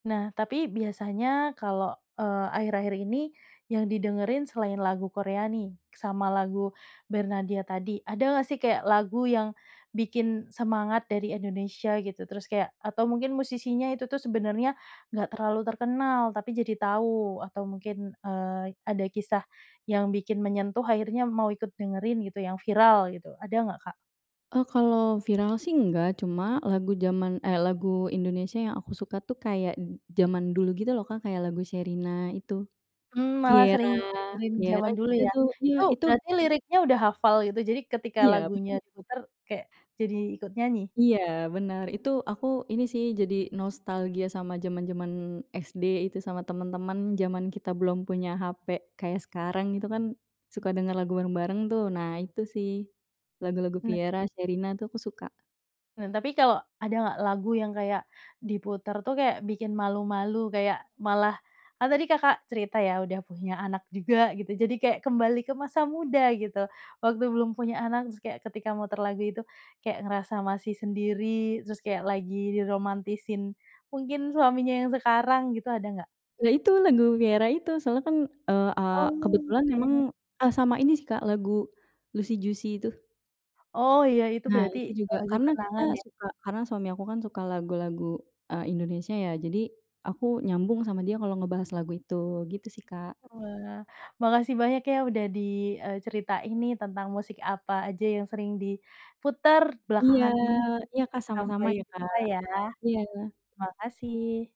Nah, tapi biasanya kalau, eee, akhir-akhir ini, yang didengerin selain lagu Korea nih, sama lagu Bernadya tadi, ada nggak sih kayak lagu yang bikin semangat dari Indonesia, gitu? Terus kayak atau mungkin musisinya itu tuh, sebenarnya enggak terlalu terkenal, tapi jadi tahu, atau mungkin, eee, ada kisah yang bikin menyentuh, akhirnya mau ikut dengerin gitu, yang viral gitu. Ada nggak, Kak? Eee, kalau viral sih enggak, cuma lagu zaman, eee, lagu Indonesia yang aku suka tuh, kayak d d zaman dulu gitu loh, Kak, kayak lagu Sherina, itu. Mmm, malah Vierra sering ngedengerin Vierra zaman dulu, juga ya. itu iya, Itu itu berarti liriknya udah hafal gitu, jadi ketika Iya, benar. lagunya diputar, kayak jadi ikut nyanyi? Iya, benar. Itu aku ini sih, jadi nostalgia sama zaman-zaman SD itu, sama teman-teman zaman kita belum punya HP kayak sekarang, itu kan suka dengar lagu bareng-bareng tuh. Nah, itu sih lagu-lagu Nah. Vierra, Sherina, itu aku suka. Nan Tapi kalau ada nggak lagu yang kayak diputar tuh, kayak bikin malu-malu? Kayak malah, kan tadi Kakak cerita ya, udah punya anak juga gitu, jadi kayak kembali ke masa muda gitu, waktu belum punya anak. Terus kayak ketika muter lagu itu, kayak ngerasa masih sendiri, terus kayak lagi diromantisin, mungkin suaminya yang sekarang gitu. Ada nggak? Ya, itu lagu Vierra itu. Soalnya kan, eee eee, kebetulan memang, Oke. eee, sama ini sih, Kak, lagu Luicy Juicy itu. Oh iya, itu Nah, berarti itu juga lagu karena kenangan, kita ya? suka karena suami aku kan suka lagu-lagu, eee, Indonesia, ya. Jadi aku nyambung sama dia kalau ngebahas lagu itu, gitu sih, Kak. Wah, makasih banyak ya, udah di, eee, ceritain tentang musik apa aja yang sering diputar Iya, belakangan ini. iya, Kak, Sampai sama-sama ya, Kak, jumpa, ya. iya. Terima kasih.